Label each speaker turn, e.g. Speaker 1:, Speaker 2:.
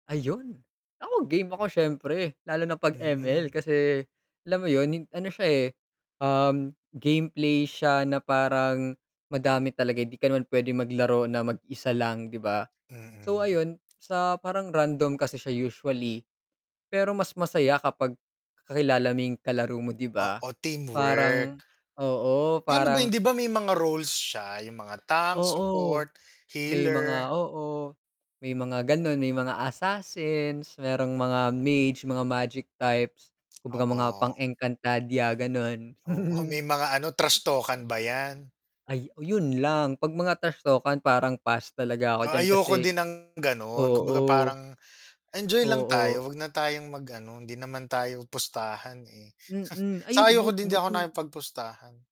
Speaker 1: Ayun, ako game ako siyempre lalo na 'pag
Speaker 2: Mm.
Speaker 1: ML, kasi alam mo 'yun hin ano siya eh, um, gameplay siya na parang madami talaga, hindi ka naman pwedeng maglaro na mag-isa lang, 'di ba? So,
Speaker 2: Mm.
Speaker 1: ayun sa parang random kasi siya usually, pero mas masaya kapag kakilala mo yung kalaro mo 'di ba?
Speaker 2: Oo, teamwork.
Speaker 1: Parang, oo,
Speaker 2: Paano ba 'yun?
Speaker 1: parang
Speaker 2: 'di ba may mga roles siya, yung mga tank
Speaker 1: Oo,
Speaker 2: support,
Speaker 1: may
Speaker 2: healer.
Speaker 1: mga oo, may mga gano'n may mga assassins, merong mga mage mga magic types, kung baga mga
Speaker 2: Oo.
Speaker 1: pang-Encantadia, gano'n.
Speaker 2: Oo, may mga ano, trash talk-an ba 'yan?
Speaker 1: Ay 'yun lang, 'pag mga trash talk-an parang pass talaga ako
Speaker 2: Oh,
Speaker 1: diyan
Speaker 2: ayoko
Speaker 1: kasi
Speaker 2: din ng gano'n, kumbaga
Speaker 1: oo.
Speaker 2: parang enjoy lang
Speaker 1: Oo.
Speaker 2: tayo 'wag na tayong mag-ano hindi naman tayo pustahan eh,
Speaker 1: Mm, ayun,
Speaker 2: saka ayoko
Speaker 1: but
Speaker 2: din, hindi ako
Speaker 1: buti
Speaker 2: nakipagpustahan.